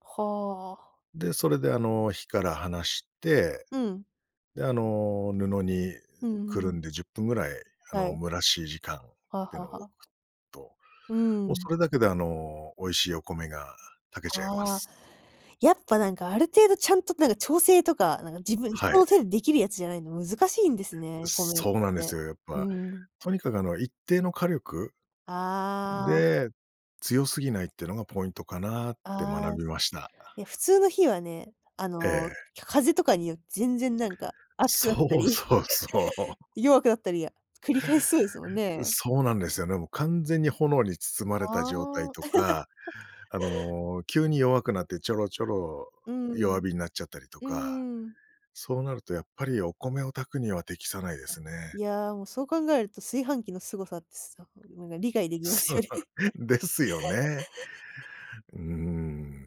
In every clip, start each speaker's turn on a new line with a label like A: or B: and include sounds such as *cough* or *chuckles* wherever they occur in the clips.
A: はあ。
B: で、それであの火から離して、
A: うん。
B: で、あの、布に
A: うんう
B: くる
A: ん。
B: んで10分ぐらい、あ
A: は
B: の、
A: い。
B: 蒸らし時間っ
A: はあ
B: て
A: は
B: の置
A: あはあ。
B: くと、
A: う
B: もう
A: ん。
B: それだけであの、美味しいお米が炊けちゃいま
A: ああ。
B: す。
A: やっぱなんかある程度、ちゃんとなんか調整とか、なんか自分人
B: はい。
A: のせん出来るやつじゃないの難しいんです
B: う
A: ね、米っ
B: そうなんで
A: て。
B: すよ、やっ
A: う
B: ぱ。
A: ん。
B: とにかくあの、一定の火力
A: ああ。
B: で、強すぎないってのがポイントかなって
A: ああ。
B: 学びました。
A: いや、普通の火はね、あ
B: え
A: の、
B: え。
A: ひゃ風とかによ、全然なんか熱くなった
B: そう
A: り、*laughs*
B: そうそう。*laughs*
A: 弱くなったり、あ、繰り返しそうですもん
B: う
A: ね。
B: そうなんですよね、もう完全に炎に包まれた
A: あ
B: 状態
A: あ。
B: とか、
A: *laughs*
B: あの、急に弱くなって、ちょろちょろ
A: う
B: 弱
A: ん。
B: 火になっちゃったりと
A: う
B: か。
A: ーん。
B: そうなるとやっぱりお米を炊くには適さないですね。
A: いや、もうそう考えると、炊飯器の凄さつさうん、なんか理解できます
B: そ
A: よ
B: う、
A: ね。
B: ですよね。
A: *laughs*
B: うー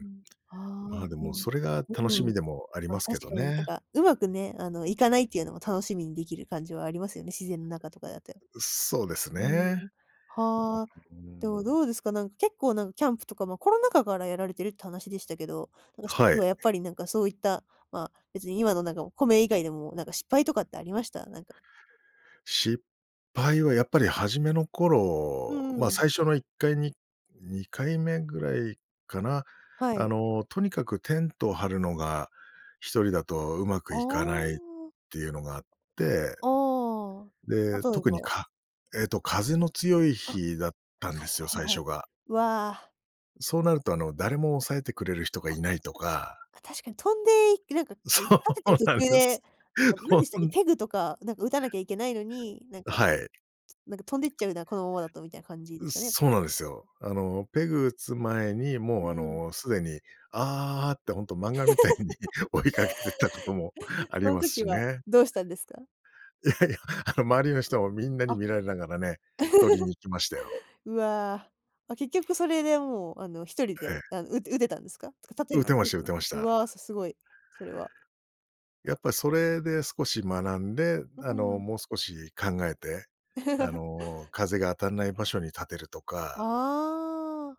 A: うん。ああ、
B: まあ、で
A: う
B: も
A: ん、
B: それが楽
A: う
B: し
A: ん。
B: みでもあり
A: ま、
B: ますけ
A: 確
B: ど
A: かに、なん
B: ね。
A: か上手くね、あの、いかないっていうのも楽しみにできる感じはありますよね、自然中とかだて。
B: うそうです
A: うん、
B: ね。
A: はあ、
B: ううううー
A: でも
B: ん。
A: どうですか、なん、結構なん、キャンプとか、ま、コロナ禍からやられてるって話でしたけど、なんか一
B: は
A: つ
B: い。
A: はやっぱりなんかそういった、ま、別に今のなんか米以外でも、なんか失敗とかってありました？なんか。
B: 失敗はやっぱり初めの
A: う
B: 頃、ま、
A: ん。
B: 最初の1回、に2回目ぐらいかな、
A: は
B: あ
A: い。
B: の、とにかくテントを張るのが一人だとうま
A: あ
B: くいかないっ
A: あ。
B: ていうのがあって、え
A: あ
B: で、
A: あ、例え
B: 特に
A: ば。
B: かえっと、風の強い
A: あ、は
B: 日だったんですよ、
A: いは
B: 最
A: いはい。
B: 初が。
A: うわ。
B: そうなると、あの、誰も抑えてくれる人が
A: あ。
B: いないとか
A: あ、確かに飛んで、いなんか、い立
B: そ
A: ててる
B: う
A: 途
B: なんで
A: 中で、
B: す。
A: なんかなん
B: ほん
A: でしたっけ、ペグとか、なんか打たなきゃいけないのに、なん
B: う
A: か
B: はい。
A: なんか飛んでっちゃうな、このままだとみたいな感じで
B: う、
A: すかね？
B: そうなんですよ。あの、ペグ打つ前に、
A: う
B: もうあ
A: ん。
B: の、すでに、ああってほんと漫画みたいに
A: *laughs*
B: 追いかけてったことも
A: うん
B: あり
A: うん、
B: ま
A: そ
B: す
A: ん時
B: し
A: は、
B: ね。
A: どうしたんですか？
B: いやいや、あの、周りの人もみんな
A: あ。
B: に
A: *chuckles*
B: 見られながらね、取りに行きましたよ。
A: うわ。あ、結局それでもうあの、一人
B: え
A: で
B: え。
A: あの、う打てたんですか？とか立てる
B: 打
A: こ
B: て
A: と
B: ま
A: で
B: し
A: き
B: た
A: た
B: 打
A: んす
B: て
A: か？
B: まし
A: う
B: た。
A: わ、すすごい、それは。
B: やっぱそれで少し学んで、
A: う
B: あ
A: う
B: の、
A: ん。
B: もう少し考えて、あ
A: *chuckles*
B: の、風が当たんない場所に立てるとか。
A: ああ。